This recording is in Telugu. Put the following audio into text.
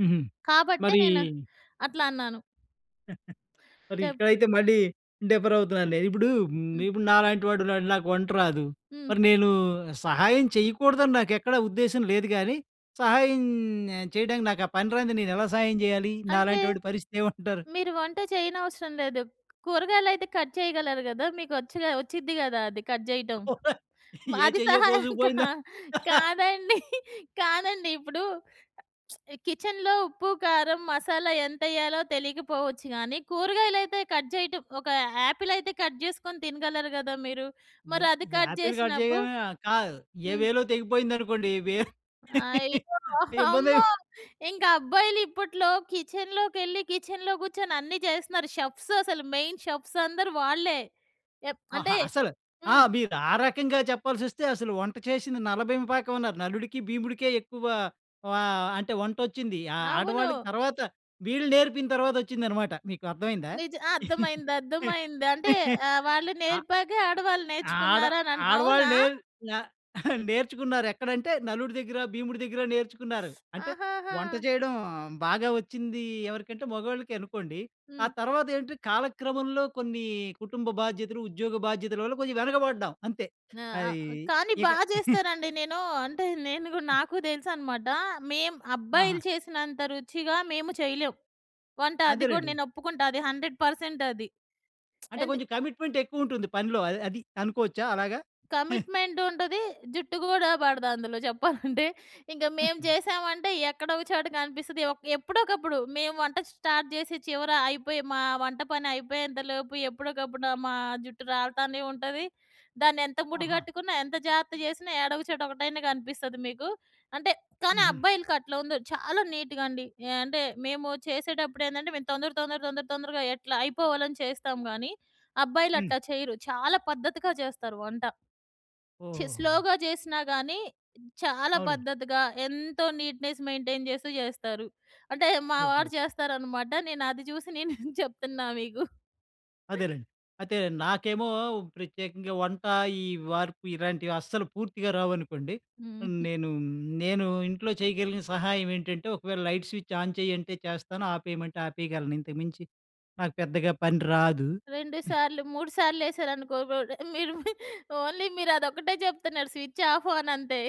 హుహు. కాబట్టే మరీ నేను అట్లా అన్నాను. మరి చెప్ ఇక్కడైతే మళ్ళీ డిఫర్ అవుతున్నాలె. ఇప్పుడు బ్ హ్మ్. ఇప్పుడు నాలాంటి వాడున్నాడు నాకు వంట రాదు. హ్మ్. మరి నేను సహాయం చేయకూడదని నాకేక్కడ ఉద్దేశం లేదు గాని, సహాయం న్ చేయడానికి నాకు ఆ పని రానిది నేనెలా సాయం జెయాలి? అంటే నాలాంటి వాడి పరిస్థితెమంటారు? మీరు వంట చేయనవసరం లేదు. కూరగాయలయితే కట్ చేయగలరు గదా. మీకొచ్చుగ ఒచ్చిద్ది గదా అది కట్ జెయటం? ఏ అది చెయ్యో సహాయం కోసుకు కా పోయిందా? కాదండి. కాదండీ. ఇప్పుడు కిచెన్‌లో ఉప్పు, కారం, మసాలా ఎంతెయ్యాలో తెలియకపోవచ్చు గానీ, కూరగాయలయితే కట్ చేయటం. ఒక ఆపిలయితే కట్ జెసుకొని తినగలరు గదా మీరు? మరి యా అది కట్ యాపిల్ కట్ చేసినప్పు జెయగానే కాదు. ఏ హ్మ్. వేలో తెగిపోయిందనుకోండి వె అయ్యో! ఇబ్బందై అమ్మో! ఇంక అబ్బాయిలు ఇప్పట్లో కిచెన్‌లోకెళ్లి కిచెన్‌లో గూర్చొని అన్ని జెస్తున్నారు. షెఫ్స్ అసలు, మెయిన్ షెఫ్స్ అందరూ వాళ్ళే. ఎప్ అంటే ఆహా! అసలు ఆ! హ్మ్. మీరు ఆ రకంగా చెప్పాల్సొస్తే అసలు వంట చేసింది నలబీమ పాకమన్నారు. నలుడికి భీముడికే ఎక్కువ వ అంటే వంటొచ్చింది. ఆహ్, ఆడవాళ్ళకి అవును. తరువాత, వీళ్ళు నేర్పిన తరువాతొచ్చిందనమాట. మీకు అర్థమైందా? నిజ ఆ! అర్ధమైంది. అర్ధమైంది. అంటే ఆహ్, వాళ్ళు ఆహ్, నేర్పాకె ఆహ్, ఆడవాళ్ళు ఆడ నేర్చుకున్నారనన్ ఆడవాళ్ళు అవునా? నెర్ న నేర్చుకున్నారు. ఎక్కడంటే నలుడు దగ్గర, భీముడు దగ్గర నేర్చుకున్నారు. అంటే ఆహాహా! వంట చేయడం బాగా ఒచ్చింది ఎవరికంటే మగొళ్ళకె అనుకోండి. ఆ హ్మ్. తర్వాతేంటి? కాలక్రమంలో కొన్ని కుటుంబ బాధ్యతలు, ఉద్యోగ బాధ్యతలవల్ల కొంచెం వెనకబడ్డం అంతే. ఆ! ఆ! అయ్ కానీ ఇక బా చేస్తారండి. నేను అంటే నేనుగు ఆ! నాకు దెలుసన్నమాట. మేము ఆహా! అబ్బాయిలు చేసినంత రుచిగా మేము చేయలేం. వంట అది గూడా అంతేలేండి. నేనొప్పుకుంటా. అది 100% అది. అంటే ఏంతి కొంచెం కమిట్మెంటెక్కువుంటుంది పనిలో. ఆహ్, అది అనుకోవచ్చా అలాగా? కమిట్మెంట్ ఉంటది. జుట్టు గూడా పడదందులో చెప్పాలంటే. ఇంక మేము జెసామంటే ఎక్కడో ఒక చోట కనిపిస్తది. ఒక్ ఎప్పుడో ఒకప్పుడు మేము వంట స్టార్ట్ చేసి చివర అయిపోయి మా వంట పని అయిపోయేంత లోపు ఎప్పుడో ఒకప్పుడు నా మా జుట్టు రాలతానే ఉంటది. దాన్ని ఎంత ముడి ఆహా! గట్టుకున్నా ఎంత జాగ్రత్త చేసినా ఏడొగచోట ఒకటైన కనిపిస్తది మీకు. అంటే కానీ హుహు. అబ్బాయిలకి అట్లా ఉండదు చాలా నీట్‌గా అండి. ఆహ్, అంటే మేము చేసేటప్పుడేందంటే మేము తొందర తొందర తొందర తొందరగా ఎట్ల అయిపోవాలని చేస్తాం గానీ, అబ్బాయిలు హ్మ్. అట్లా చెయ్యరు. చాలా పద్ధతిగా జెస్తారు వంట. చి ఓహోహో! స్లో‌గా జెసినా గాని, చాలా అవును. పద్ధతిగా ఎంతో నీట్‌నెస్ మెయింటైన్ జెస్తూ జెస్తారు. అంటే ఓకె. మావారు జెస్తారనమాట. నేనది జూసి నేను చెప్తున్నా మీకు. అదేలెండి. అతె నాకేమో ప్రత్యేకంగా వంట ఈ వార్పి ఇలాంటివస్సలు పూర్తిగా రావనుకోండి. హుహు. నేను నేను ఇంట్లో చేయగలిగిన సహాయం ఏంటంటే, ఒకవేళ లైట్ స్విచ్ ఆన్ చేయంటే చేస్తాను. ఆపేయమంటే ఆపేయగలను. ఇంతకుమించి నాకు పెద్దగా పని రాదు. 2 సార్లు 3 సార్లు ఎసారనుకో రొడ్ మీరు మీ ఓన్లీ మీరదొక్కటే చెప్తున్నారు. స్విచ్ ఆఫు అని అంతే.